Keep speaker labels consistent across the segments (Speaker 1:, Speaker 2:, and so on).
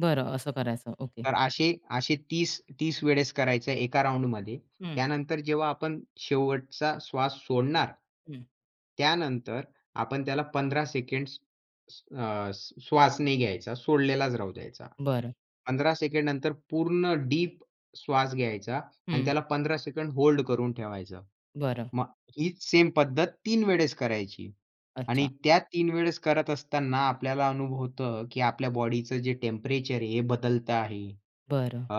Speaker 1: बरं असं करायचं. ओके.
Speaker 2: तर असे, असे 30 30 वेळेस करायचं आहे 1का राउंडमध्ये.
Speaker 1: हं.
Speaker 2: त्यानंतर जेव्हा आपण शेवटचा श्वास सोडणार.
Speaker 1: हं.
Speaker 2: त्यानंतर आपण त्याला 15 सेकंड्स अ, श्वास नाही घ्यायचा. सोडलेलाच राहू द्यायचा.
Speaker 1: बरं.
Speaker 2: 15 सेकंड नंतर पूर्ण डीप श्वास घ्यायचा आणि
Speaker 1: हं.
Speaker 2: त्याला 15 सेकंड होल्ड करून ठेवायचं.
Speaker 1: बरं.
Speaker 2: मग हीच सेम पद्धत 3 वेळेस करायची आणि
Speaker 1: अच्छा.
Speaker 2: त्या 3 वेळेस करत असताना आपल्याला अनुभवतं की आपल्या बॉडीचं जे टेम्परेचर आहे हे बदलत आहे.
Speaker 1: बरं.
Speaker 2: अ,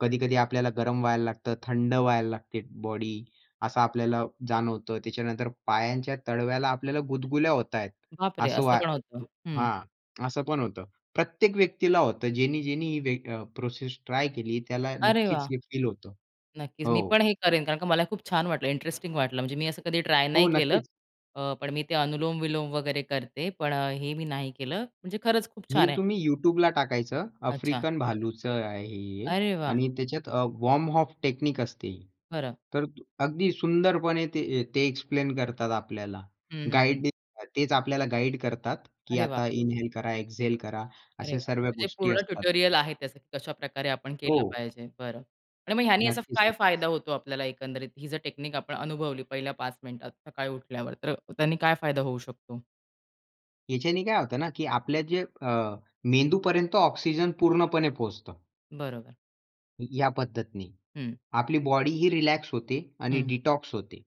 Speaker 2: कधी-कधी आपल्याला गरम व्हायला लागत. थंड व्हायला लागते बॉडी असं आपल्याला जाणवतं. त्याच्यानंतर पायांच्या तळव्याला आपल्याला गुदगुल्या होतायेत.
Speaker 1: बाप रे!
Speaker 2: असं
Speaker 1: असं
Speaker 2: व्हा
Speaker 1: पण होतं. हं.
Speaker 2: हां, असं पण होतं. प्रत्येक व्यक्तीला होतं ज्यांनी, ज्यांनी ही वे प्रोसेस ट्राय केली त्याला
Speaker 1: अरे
Speaker 2: नक्कीच
Speaker 1: वाह!
Speaker 2: हे फील होतं.
Speaker 1: नक्कीच. मी
Speaker 2: हो.
Speaker 1: पण हे करेन कारण का मला हे खूप छान वाटलं, इंटरेस्टिंग वाटलं. म्हणजे मी असं कधी ट्राय नाही
Speaker 2: हो,
Speaker 1: केलं.
Speaker 2: नक्कीच.
Speaker 1: अ ,पण मी ते अनुलोम-विलोम वगैरे करते. पण हे मी नाही केलं. म्हणजे खरंच खूप
Speaker 2: हे
Speaker 1: छान आहे.
Speaker 2: तुम्ही YouTubeला टाकायचं.
Speaker 1: अच्छा.
Speaker 2: आफ्रिकन भालूचं आहे हे
Speaker 1: अरे वाह!
Speaker 2: आणि त्याच्यात अ, वॉर्म अप टेक्निक असते.
Speaker 1: खरं.
Speaker 2: तर अगदी सुंदरपणे ते, ते एक्सप्लेन करतात आपल्याला.
Speaker 1: हं, हं, हं.
Speaker 2: गाईड तेच आपल्याला गाईड करतात, की
Speaker 1: अरे वाह!
Speaker 2: आता इन्हेल करा एक्झेल करा
Speaker 1: अरे
Speaker 2: अशा
Speaker 1: वाह!
Speaker 2: सर्व
Speaker 1: म्हणजे
Speaker 2: गोष्टी
Speaker 1: पूर्ण
Speaker 2: असतात.
Speaker 1: ट्युटोरियल आहे त्याचं कशाप्रकारे आपण केलं
Speaker 2: हो.
Speaker 1: पाहिजे. बरं आणि मग ह्यांनी असा
Speaker 2: नक्कीच,
Speaker 1: काय
Speaker 2: नक्कीच.
Speaker 1: फायदा होतो आपल्याला एकंदरीत ही जर टेक्निक आपण अनुभवली पहिल्या 5 मिनिटात सकाळी उठल्यावर तर त्यांनी काय फायदा होऊ शकतो?
Speaker 2: याच्याने काय होतं ना, की आपल्या जे अ, मेंदूपर्यंत ऑक्सिजन पूर्णपणे पोहोचतो.
Speaker 1: बरोबर.
Speaker 2: या पद्धतीने,
Speaker 1: हं.
Speaker 2: आपली बॉडीही रिलॅक्स होते आणि
Speaker 1: हं.
Speaker 2: डिटॉक्स होते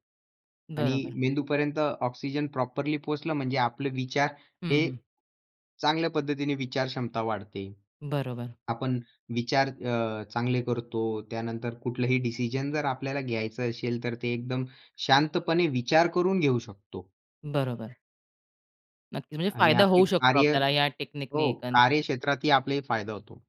Speaker 2: आणि
Speaker 1: बरोबर.
Speaker 2: मेंदूपर्यंत ऑक्सिजन प्रॉपरली पोहोचलं, म्हणजे आपले विचार
Speaker 1: हं,
Speaker 2: हे
Speaker 1: हं.
Speaker 2: चांगल्या पद्धतीने विचार क्षमता वाढते.
Speaker 1: बरोबर.
Speaker 2: आपण विचार अ, चांगले करतो त्यानंतर कुठलंही डिसिजन जर आपल्याला घ्यायचं असेल तर ते एकदम शांतपणे विचार करून घेऊ शकतो.
Speaker 1: बरोबर. नक्कीच, म्हणजे
Speaker 2: आणि
Speaker 1: फायदा
Speaker 2: आपली
Speaker 1: होऊ शकतो
Speaker 2: कार्य
Speaker 1: आपल्याला या टेक्निक ने
Speaker 2: हो
Speaker 1: एकंद
Speaker 2: कार्यक्षेत्रातही आपलाही फायदा होतो.